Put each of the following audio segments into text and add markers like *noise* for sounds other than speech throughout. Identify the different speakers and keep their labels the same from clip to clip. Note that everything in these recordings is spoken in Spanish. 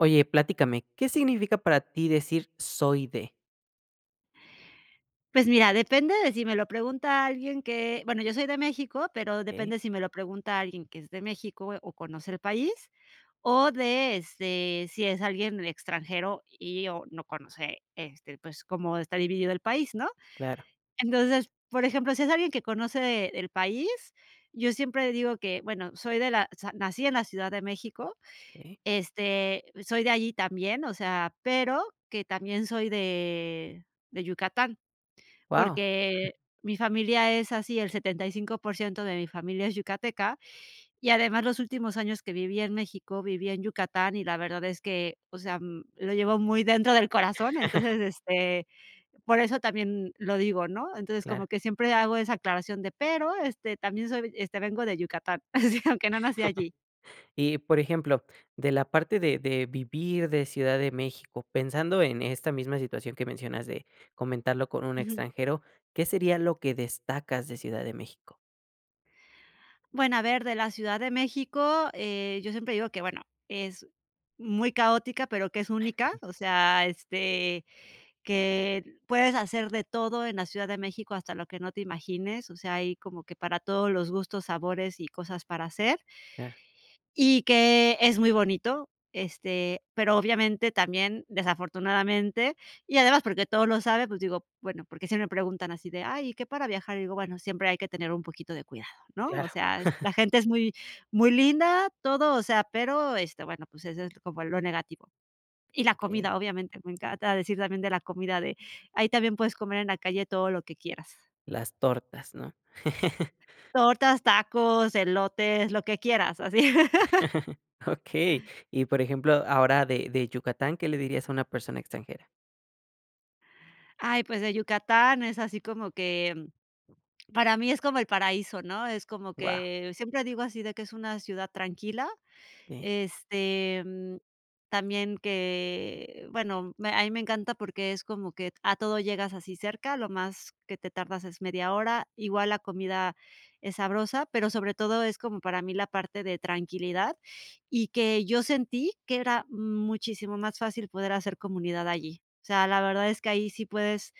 Speaker 1: Oye, platícame, ¿qué significa para ti decir: "Soy de..."?
Speaker 2: Pues mira, depende de si me lo pregunta alguien que bueno, yo soy de México, pero
Speaker 1: Okey.
Speaker 2: depende si me lo pregunta alguien que es de México o conoce el país, o de, este, si es alguien extranjero y o no conoce, este, pues, cómo está dividido el país, ¿no?
Speaker 1: Claro.
Speaker 2: Entonces, por ejemplo, si es alguien que conoce el país, yo siempre digo que bueno, soy de la o sea, nací en la Ciudad de México.
Speaker 1: Okey.
Speaker 2: Este, soy de allí también, o sea, pero, que también soy de de Yucatán,
Speaker 1: Guau. *chuckles*
Speaker 2: porque, mi familia es así, el 75% de mi familia es yucateca, y además los últimos años que viví en México, viví en Yucatán, y la verdad es que, o sea, mm, lo llevo muy dentro del corazón.
Speaker 1: *chuckles*
Speaker 2: Entonces, este, por eso también lo digo, ¿no? Entonces,
Speaker 1: Claro.
Speaker 2: como que siempre hago esa aclaración de, pero este, también soy este, vengo de Yucatán, *chuckles* sí, aunque no nací
Speaker 1: *chuckles*
Speaker 2: allí.
Speaker 1: Y, por ejemplo, de la parte de de vivir de Ciudad de México pensando en esta misma situación que mencionas de comentarlo con un
Speaker 2: Ujú.
Speaker 1: extranjero, ¿qué sería lo que destacas de Ciudad de México?
Speaker 2: Bueno, a ver, de la Ciudad de México, eh, yo siempre digo que, bueno, es muy caótica, pero que es única, o sea, este, que puedes hacer de todo en la Ciudad de México, hasta lo que no te imagines. O sea, hay como que para todos los gustos, sabores y cosas para hacer.
Speaker 1: Claro.
Speaker 2: Y que es muy bonito, este, pero obviamente, también, desafortunadamente y además porque todos lo saben, pues digo, bueno, porque sí me preguntan así de: "Ay, ¿y qué para viajar?", y digo: "Bueno, siempre hay que tener un poquito de cuidado", ¿no?,
Speaker 1: Claro.
Speaker 2: o sea,
Speaker 1: *chuckles*
Speaker 2: la gente es muy muy linda, todo, o sea, pero, este, bueno, pues, eso es como lo negativo. Y la
Speaker 1: Okey.
Speaker 2: comida, obviamente, me encanta decir también de la comida de ahí también, puedes comer en la calle todo lo que quieras.
Speaker 1: Las tortas, ¿no? *chuckles*
Speaker 2: Tortas, tacos, elotes, lo que quieras, así. *laughs*
Speaker 1: *chuckles* Okey. Y por ejemplo, ahora de de Yucatán, ¿qué le dirías a una persona extranjera?
Speaker 2: Ay, pues, de Yucatán es así como que, para mí es como el paraíso, ¿no?, es como
Speaker 1: Guau.
Speaker 2: que siempre digo así de que es una ciudad tranquila.
Speaker 1: Okey.
Speaker 2: Este, mm, también que, bueno, me a mí me encanta porque es como que a todo llegas así cerca, lo más que te tardas es media hora. Igual la comida es sabrosa, pero sobre todo es como para mí la parte de tranquilidad, y que yo sentí que era muchísimo más fácil poder hacer comunidad allí. O sea, la verdad es que ahí sí puedes,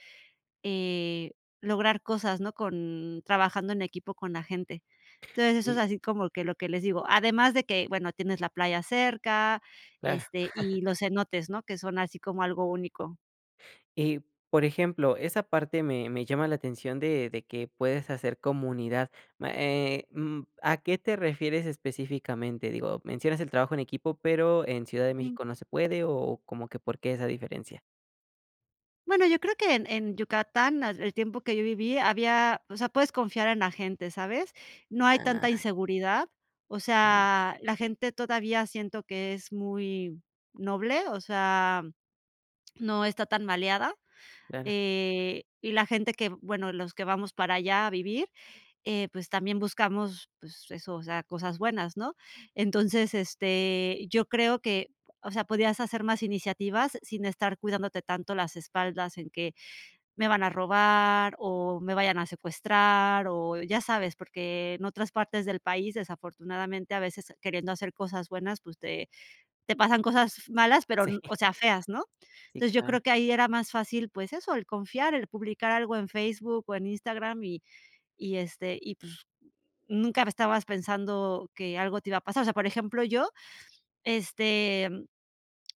Speaker 2: eh, lograr cosas, ¿no? con trabajando en equipo con la gente. Entonces, eso es
Speaker 1: Y
Speaker 2: así como que lo que les digo. Además de que, bueno, tienes la playa cerca,
Speaker 1: Claro.
Speaker 2: este,
Speaker 1: *chuckles*
Speaker 2: y los cenotes, ¿no?, que son así como algo único.
Speaker 1: Y, por ejemplo esa parte me me llama la atención de de que puedes hacer comunidad, ma eh, mm, ¿a qué te refieres específicamente? Digo, mencionas el trabajo en equipo, pero, ¿en Ciudad de
Speaker 2: Ujú.
Speaker 1: México no se puede? O, ¿como que por qué, esa diferencia?
Speaker 2: Bueno, yo creo que en en Yucatán, ah, el tiempo que yo viví, había o sea, puedes confiar en la gente, ¿sabes? No hay tanta
Speaker 1: Ah.
Speaker 2: inseguridad, o
Speaker 1: Vale.
Speaker 2: sea, la gente todavía siento que es muy noble, o sea, no está tan maleada.
Speaker 1: Claro.
Speaker 2: Eh, y la gente que bueno, los que vamos para allá a vivir, eh, pues, también buscamos, pues, eso, o sea, cosas buenas, ¿no? Entonces, este, yo creo que, o sea, podías hacer más iniciativas sin estar cuidándote tanto las espaldas en que, me van a robar, o me vayan a secuestrar, o ya sabes. Porque, en otras partes del país, desafortunadamente, a veces queriendo hacer cosas buenas, pues, te te pasan cosas, f malas, pero,
Speaker 1: Sí.
Speaker 2: o sea feas, ¿no?
Speaker 1: Sí,
Speaker 2: Entonces, yo
Speaker 1: claro.
Speaker 2: creo que ahí era más fácil, pues eso, el confiar, el publicar algo en Facebook, o en Instagram. Y y, este, y pues, nunca estabas pensando que algo te iba a pasar. O sea, por ejemplo, yo este,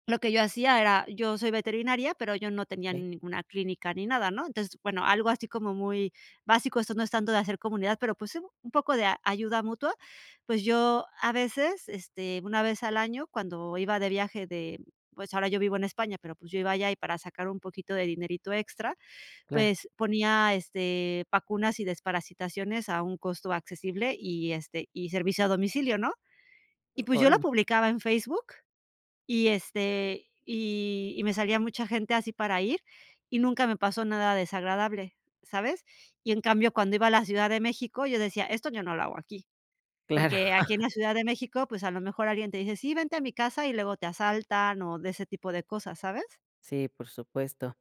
Speaker 2: lo que yo hacía era, yo soy veterinaria, pero, yo no tenía
Speaker 1: Okey.
Speaker 2: ninguna clínica ni nada, ¿no? Entonces, bueno, algo así como muy básico, esto no es tanto de hacer comunidad, pero, pues, un poco de ayuda mutua. Pues, yo a veces, este, una vez al año, cuando iba de viaje de pues, ahora yo vivo en España, pero, pues, yo iba allá y para sacar un poquito de dinerito extra,
Speaker 1: Claro.
Speaker 2: pues, ponía, este, vacunas y desparasitaciones a un costo accesible y, este, y servicio a domicilio, ¿no? Y, pues, yo lo
Speaker 1: Órale.
Speaker 2: publicaba en Facebook y, este, y y me salía mucha gente así para ir, y nunca me pasó nada desagradable, ¿sabes? Y en cambio, cuando iba a la Ciudad de México, yo decía: "Esto yo no lo hago aquí",
Speaker 1: Claro.
Speaker 2: porque aquí en
Speaker 1: *chuckles*
Speaker 2: la Ciudad de México, pues, a lo mejor alguien te dice: "Sí, vente a mi casa", y luego te asaltan, o de ese tipo de cosas, ¿sabes?
Speaker 1: Sí, por supuesto.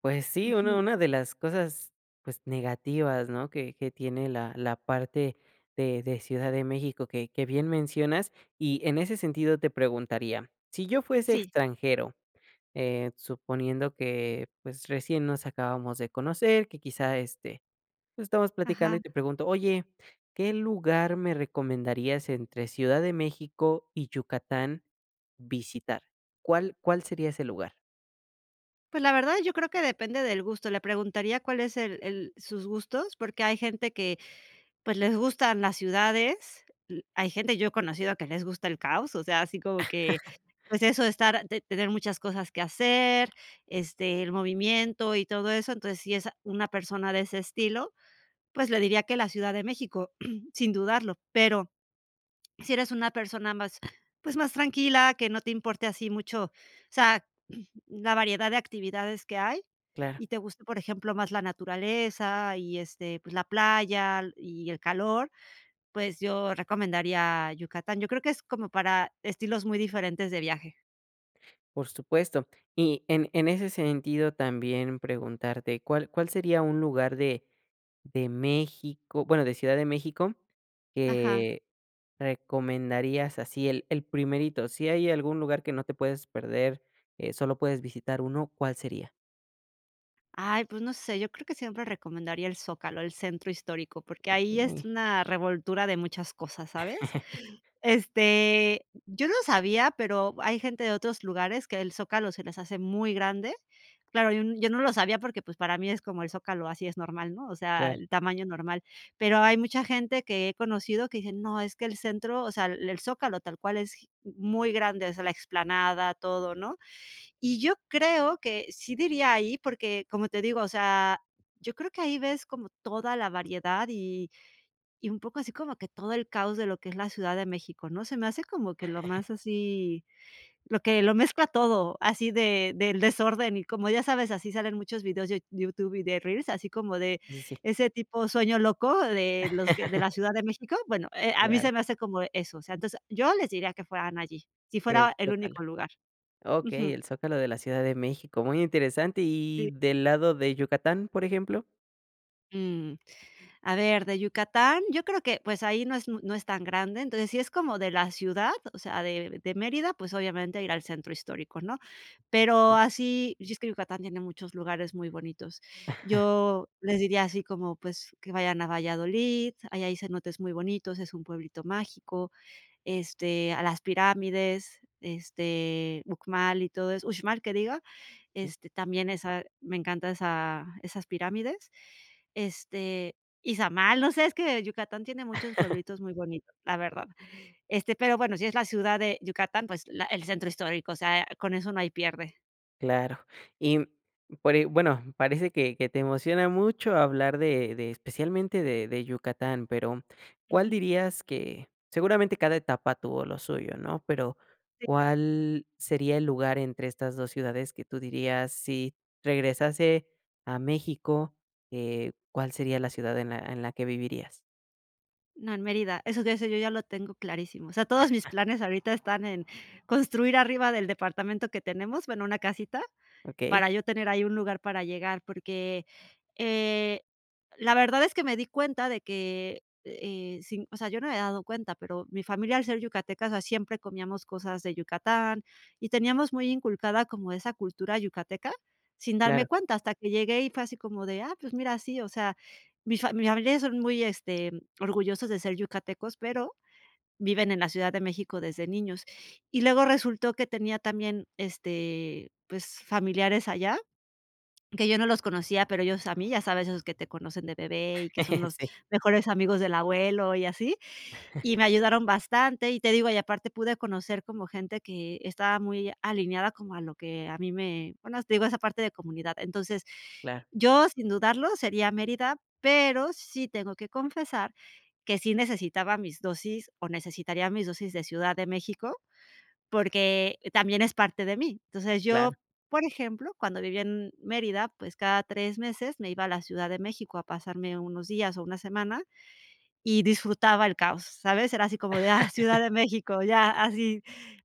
Speaker 1: Pues sí, una
Speaker 2: Ujú.
Speaker 1: una de las cosas pues negativas, ¿no? Que que tiene la la parte de de Ciudad de México, que que bien mencionas y en ese sentido te preguntaría, si yo fuese
Speaker 2: Sí.
Speaker 1: extranjero, eh, suponiendo que, pues, recién nos acabamos de conocer, que quizá, este, pues, estamos platicando y
Speaker 2: Ajá.
Speaker 1: te pregunto: "Oye, ¿qué lugar me recomendarías entre Ciudad de México y Yucatán visitar?". ¿Cuál cuál sería ese lugar?
Speaker 2: Pues, la verdad yo creo que depende del gusto. Le preguntaría cuál es el el sus gustos, porque hay gente que, pues, les gustan las ciudades. L hay gente, yo he conocido que les gusta el caos, o sea, así como que,
Speaker 1: *laughs*
Speaker 2: pues, eso de estar, de de tener muchas cosas que hacer, este, el movimiento y todo eso. Entonces, sí, es, ah, una persona de ese estilo, pues, le diría que la Ciudad de México, *clears throat* sin dudarlo. Pero, sí eres una persona más, pues, más tranquila, que no te importe así mucho, o sea, *clears throat* la variedad de actividades que hay
Speaker 1: Claro.
Speaker 2: y te gusta, por ejemplo, más la naturaleza y este, pues, la playa y el calor, pues, yo recomendaría Yucatán. Yo creo que es, como para estilos muy diferentes de viaje.
Speaker 1: Por supuesto. Y en en ese sentido también preguntarte, ¿cuál cuál sería un lugar de de México, bueno, de Ciudad de México,
Speaker 2: Ajá.
Speaker 1: que recomendarías? Así el el primerito. Si hay algún lugar que no te puedes perder, eh, solo puedes visitar uno, ¿cuál sería?
Speaker 2: Ay, pues, no sé, yo creo que siempre recomendaría el Zócalo, el Centro Histórico, porque ahí es
Speaker 1: Okey.
Speaker 2: una revoltura de muchas cosas, ¿sabes?
Speaker 1: *laughs*
Speaker 2: Este, yo no sabía, pero hay gente de otros lugares que el Zócalo se les hace muy grande. Claro, yo n yo no lo sabía porque, pues, para mí es como el Zócalo, así es normal, ¿no? O sea,
Speaker 1: Claro.
Speaker 2: el tamaño normal. Pero, hay mucha gente que he conocido que dice: "No, es que el centro", o sea, el el Zócalo tal cual es gi muy grande, o sea, la explanada, todo, ¿no? Y yo creo que, sí diría ahí, porque, como te digo, o sea, yo creo que ahí ves como toda la variedad y y un poco así como que todo el caos de lo que es la Ciudad de México, ¿no? Se me hace como que lo
Speaker 1: *chuckles*
Speaker 2: más así, lo que lo mezcla todo, así de del desorden, y como ya sabes, así salen muchos videos de YouTube y de reels así como de,
Speaker 1: Sí, sí.
Speaker 2: ese tipo sueño loco de los que de
Speaker 1: *laughs*
Speaker 2: la Ciudad de México. Bueno, eh, a mí se
Speaker 1: Claro.
Speaker 2: me hace como eso, o sea, entonces yo les diría que fueran allí, si
Speaker 1: El
Speaker 2: fuera el
Speaker 1: Zócalo.
Speaker 2: único lugar. Ujú.
Speaker 1: Okey, el Zócalo de la Ciudad de México, muy interesante,
Speaker 2: Sí.
Speaker 1: ¿y del lado de Yucatán? Por ejemplo.
Speaker 2: Mm. A ver, de Yucatán, yo creo que, pues, ahí no es muy no es tan grande. Entonces, si es como de la ciudad, o sea, de de Mérida, pues, obviamente, ir al centro histórico, ¿no?, pero así y es que Yucatán tiene muchos lugares muy bonitos.
Speaker 1: *chuckles*
Speaker 2: Yo les diría así como, pues, que vayan a Valladolid, ahí hay cenotes muy bonitos, es un pueblito mágico, este, a las pirámides, este, Uxmal y todo eso, Uxmal que diga,
Speaker 1: Sí.
Speaker 2: este, también esa, me encanta esa esas pirámides. Este, Izamal, no sé, es que Yucatán tiene muchos
Speaker 1: *chuckles*
Speaker 2: pueblitos muy bonitos, la verdad. Este, pero bueno, si es la ciudad de Yucatán, pues, la el centro histórico, o sea, con eso no hay pierde.
Speaker 1: Claro. Y, mm, pero, y bueno, parece que que te emociona mucho hablar de de especialmente de de Yucatán, pero, ¿cuál
Speaker 2: Ujú.
Speaker 1: dirías que?, seguramente cada etapa tuvo lo suyo, ¿no?, pero,
Speaker 2: Sí.
Speaker 1: ¿cuál sería el lugar entre estas 2 ciudades?, que tú dirías: "Si regresase a México", eh, ¿cuál sería la ciudad en la en la que vivirías?
Speaker 2: No, en Mérida, eso ya sé yo ya lo tengo clarísimo. O sea, todos mis
Speaker 1: *chuckles*
Speaker 2: planes ahorita están en construir arriba del departamento que tenemos, bueno, una casita,
Speaker 1: Okey.
Speaker 2: para yo tener ahí un lugar para llegar, porque, eh, la verdad es que me di cuenta de que, eh, sin o sea, yo no me había dado cuenta, pero mi familia al ser yucateca, o sea, siempre comíamos cosas de Yucatán y teníamos muy inculcada como esa cultura yucateca, sin darme
Speaker 1: Claro.
Speaker 2: cuenta, hasta que llegué y fue así como de, ah, pues mira, sí, o sea, mi fami mis familiares son muy este orgullosos de ser yucatecos, pero, viven en la Ciudad de México desde niños y luego resultó que tenía también, este, pues, familiares allá, que yo no los conocía pero, ellos a mí ya sabes esos que te conocen de bebé y que son
Speaker 1: *chuckles*
Speaker 2: los
Speaker 1: Sí.
Speaker 2: mejores amigos del abuelo y así, y
Speaker 1: *chuckles*
Speaker 2: me ayudaron bastante. Y te digo, y aparte pude conocer como gente que estaba muy alineada como a lo que a mí me bueno, te digo, esa parte de comunidad. Entonces,
Speaker 1: Claro.
Speaker 2: yo sin dudarlo sería Mérida, pero, sí tengo que confesar que sí necesitaba mis dosis, o necesitaría mis dosis de Ciudad de México, porque, también es parte de mí. Entonces,
Speaker 1: Claro.
Speaker 2: yo, por ejemplo, cuando vivía en Mérida, pues cada 3 meses me iba a la Ciudad de México a pasarme unos días o una semana, y disfrutaba el caos, ¿sabes? Era así como de, ah, Ciudad de
Speaker 1: *laughs*
Speaker 2: México, ya así,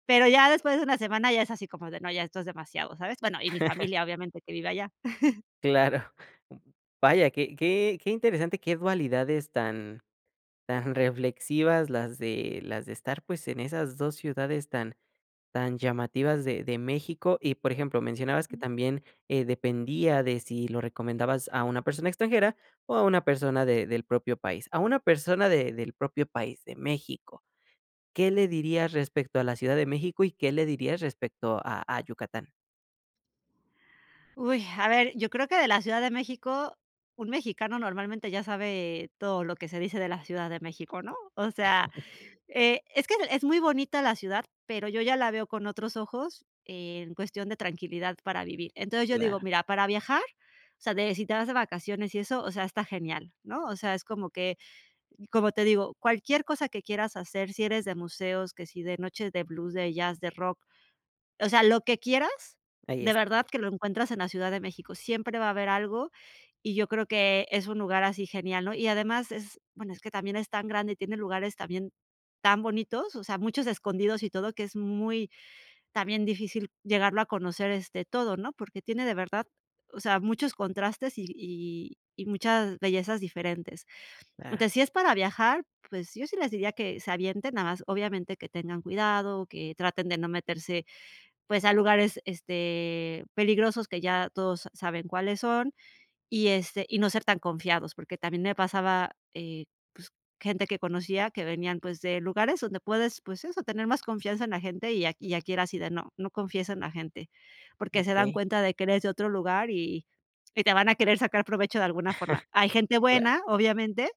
Speaker 2: pero, ya después de una semana, ya es así como de no, ya esto es demasiado, ¿sabes? Bueno, y mi
Speaker 1: *chuckles*
Speaker 2: familia obviamente que vive allá. *chuckles*
Speaker 1: Claro. Mm, vaya qué qué qué interesante qué dualidades, tan tan reflexivas las de las de estar pues, en esas 2 ciudades tan tan llamativas de de México y por ejemplo mencionabas que
Speaker 2: Ujú.
Speaker 1: también, eh, dependía de si lo recomendabas a una persona extranjera, o a una persona de del propio país. A una persona de del propio país de México, ¿qué le dirías respecto a la Ciudad de México y qué le dirías respecto a a Yucatán?
Speaker 2: Uy, a ver, yo creo que de la Ciudad de México, un mexicano normalmente ya sabe todo lo que se dice de la Ciudad de México, ¿no? O sea,
Speaker 1: *chuckles*
Speaker 2: eh, es que es muy bonita la ciudad, pero, yo ya la veo con otros ojos en cuestión de tranquilidad para vivir. Entonces, yo
Speaker 1: Claro.
Speaker 2: digo, mira, para viajar, o sea, de, si te vas de vacaciones y eso, o sea, está genial, ¿no? O sea, es como que, como te digo, cualquier cosa que quieras hacer, si eres de museos, que si de noches de blues, de jazz, de rock. O sea, lo que quieras,
Speaker 1: Ahí
Speaker 2: de
Speaker 1: está.
Speaker 2: verdad que lo encuentras en la Ciudad de México. Siempre va a haber algo y yo creo que es un lugar así genial, ¿no? Y además es, bueno, es que también, es tan grande y tiene lugares también tan bonitos, o sea, muchos escondidos y todo que es muy también, difícil llegarlo a conocer, este, todo, ¿no? Porque, tiene de verdad, o sea, muchos contrastes y y y muchas bellezas diferentes.
Speaker 1: Claro.
Speaker 2: Entonces, si es para viajar, pues yo sí les diría que se avienten, nada más, obviamente, que tengan cuidado, que traten de no meterse, pues, a lugares, este, peligrosos que ya todos sa saben cuáles son y este, y no ser tan confiados, porque, también me pasaba, eh, pues, gente que conocía que venían, pues, de lugares donde puedes, pues, eso tener más confianza en la gente y a y aquí era así de no no confíes en la gente. Porque, se dan
Speaker 1: Okey.
Speaker 2: cuenta de que eres de otro lugar y y te van a querer sacar provecho de alguna forma. Hay
Speaker 1: *chuckles*
Speaker 2: gente
Speaker 1: Claro.
Speaker 2: buena, obviamente,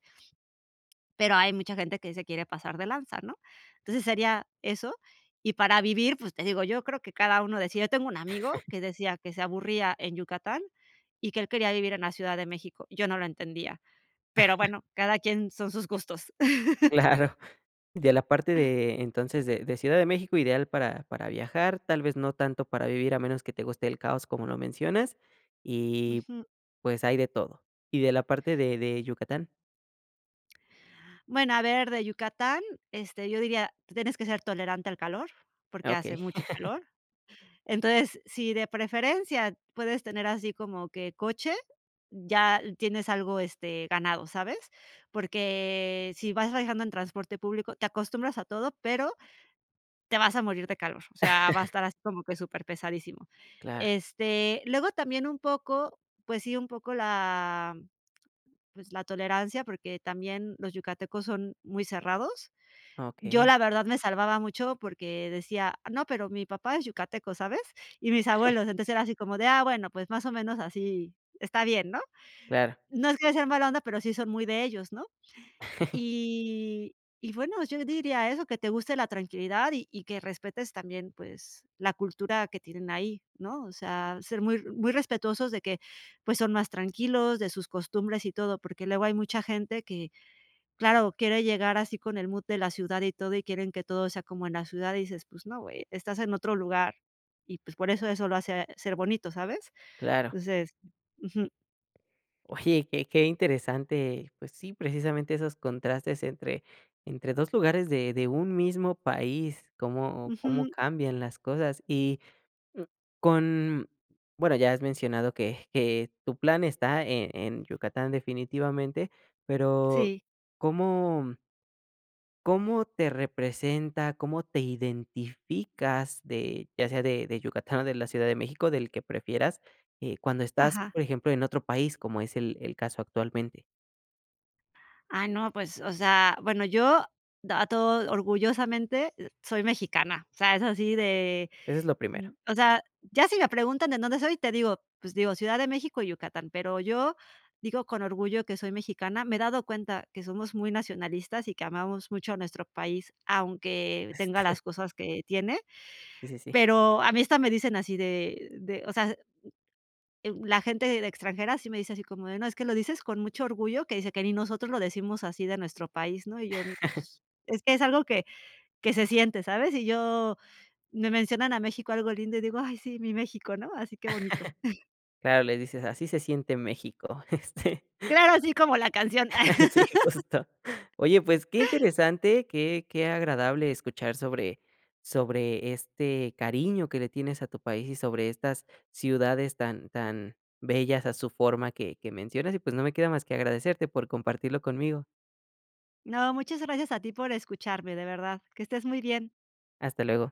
Speaker 2: pero, hay mucha gente que se quiere pasar de lanza, ¿no? Entonces, sería eso. Y para vivir, pues, te digo, yo creo que cada uno decida. Tengo un amigo
Speaker 1: *chuckles*
Speaker 2: que decía que se aburría en Yucatán, y que él quería vivir en la Ciudad de México. Yo no lo entendía, pero
Speaker 1: *chuckles*
Speaker 2: bueno, cada quien, son sus gustos. *laughs*
Speaker 1: Claro, de la parte de entonces, de de Ciudad de México ideal para para viajar, tal vez, no tanto para vivir, a menos que te guste el caos como lo mencionas, y
Speaker 2: Ujú.
Speaker 1: pues, hay de todo, ¿y de la parte de de Yucatán?
Speaker 2: Bueno, a ver, de Yucatán, este, yo diría, tú tienes que ser tolerante al calor,
Speaker 1: Ah,
Speaker 2: porque, hace
Speaker 1: okey.
Speaker 2: mucho
Speaker 1: *chuckles*
Speaker 2: calor. Entonces, sí de preferencia puedes tener así como que coche, ya tienes algo, este, ganado, ¿sabes? Porque, sí vas viajando en transporte público, te acostumbras a todo, pero, te vas a morir de calor. O sea, va a
Speaker 1: *laughs*
Speaker 2: estar así como que superpesadísimo.
Speaker 1: Claro.
Speaker 2: Este, luego también un poco, pues sí, un poco la, pues, la tolerancia, porque, también los yucatecos son muy cerrados. Yo
Speaker 1: Okey.
Speaker 2: la verdad me salvaba mucho porque, decía: "No, pero mi papá es yucateco, ¿sabes? Y mis
Speaker 1: *chuckles*
Speaker 2: abuelos", entonces era así como de: "Ah, bueno, pues, más o menos así está bien", ¿no?
Speaker 1: Claro.
Speaker 2: No, es que sean mala onda, pero, sí son muy de ellos, ¿no?
Speaker 1: *chuckles*
Speaker 2: Y y bueno, yo diría eso, que te guste la tranquilidad y y que respetes también, pues, la cultura que tienen ahí, ¿no? O sea, ser muy r muy respetuosos de que, pues, son más tranquilos de sus costumbres y todo, porque, luego hay mucha gente que claro quiere llegar así con el mood de la ciudad y todo, y quieren que todo sea como en la ciudad y dices, pues, no güey estás en otro lugar y pues, por eso, eso lo hace ser bonito ¿sabes?
Speaker 1: Claro.
Speaker 2: Entonces Ujú.
Speaker 1: Oye, qué qué interesante, pues sí, precisamente esos contrastes entre entre 2 lugares de de un mismo país, cómo cómo
Speaker 2: Ujú.
Speaker 1: cambian las cosas y, mm, con bueno, ya has mencionado que que tu plan está, eh, en Yucatán definitivamente, pero,
Speaker 2: Sí.
Speaker 1: ¿cómo? ¿cómo te representa? ¿Cómo te identificas de ya sea de de Yucatán o de la Ciudad de México, del que prefieras, eh, cuando estás
Speaker 2: Ajá.
Speaker 1: por ejemplo en otro país como es el el caso actualmente?
Speaker 2: Ah no, pues, o sea, bueno, yo, d ah, a todo orgullosamente, eh, soy mexicana. O sea, es así de
Speaker 1: Eso es lo primero.
Speaker 2: o sea, ya si me preguntan de dónde soy, te digo, pues digo: "Ciudad de México y Yucatán". Pero, yo digo con orgullo que soy mexicana, me he dado cuenta que somos muy nacionalistas y que amamos mucho a nuestro país, aunque tenga
Speaker 1: *chuckles*
Speaker 2: las cosas que tiene,
Speaker 1: Sí, sí, sí.
Speaker 2: pero, a mí hasta me dicen así de de, o sea, eh, la gente de extranjera sí me dice así como de no: "Es que lo dices con mucho orgullo", que dice: "Que ni nosotros lo decimos así de nuestro país", ¿no? Y yo
Speaker 1: *chuckles*
Speaker 2: pues, es algo que que se siente, ¿sabes? Y yo me mencionan a México algo lindo y digo: "Ay sí, mi México", ¿no? Así qué bonito. *chuckles*
Speaker 1: *chuckles* Claro, le dices así se siente México. Este.
Speaker 2: Claro, así como la canción.
Speaker 1: *chuckles* Sí justo,
Speaker 2: *laughs*
Speaker 1: oye pues, qué interesante qué qué agradable escuchar sobre sobre este cariño que le tienes a tu país y sobre estas ciudades tan tan bellas a su forma que que mencionas y pues, no me queda más que agradecerte por compartirlo conmigo.
Speaker 2: No, muchas gracias a ti por escucharme, de verdad. Que estés muy bien.
Speaker 1: Hasta luego.